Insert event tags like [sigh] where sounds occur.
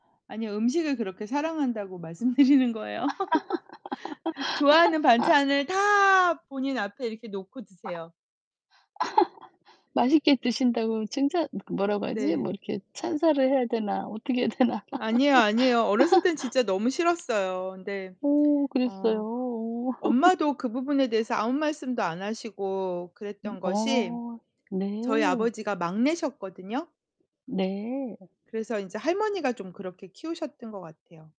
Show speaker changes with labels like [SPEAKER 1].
[SPEAKER 1] 아니요 음식을 그렇게 사랑한다고 말씀드리는 거예요. [laughs] 좋아하는 반찬을
[SPEAKER 2] [laughs]
[SPEAKER 1] 다 본인 앞에 이렇게 놓고 드세요.
[SPEAKER 2] [laughs] 맛있게 드신다고 칭찬 그 뭐라고 하지? 뭐
[SPEAKER 1] 네.
[SPEAKER 2] 이렇게 찬사를 해야 되나? 어떻게 해야 되나.
[SPEAKER 1] 아니에요, 아니에요. 어렸을 땐
[SPEAKER 2] [laughs]
[SPEAKER 1] 진짜 너무 싫었어요. 근데
[SPEAKER 2] 오 그랬어요.
[SPEAKER 1] 어
[SPEAKER 2] 오.
[SPEAKER 1] 엄마도
[SPEAKER 2] [laughs]
[SPEAKER 1] 그 부분에 대해서 아무 말씀도 안 하시고
[SPEAKER 2] 음
[SPEAKER 1] 그랬던 것이
[SPEAKER 2] 어. 네.
[SPEAKER 1] 저희 아버지가 막내셨거든요.
[SPEAKER 2] 네.
[SPEAKER 1] 그래서 인제 할머니가 좀 그렇게 키우셨던 것 같아요.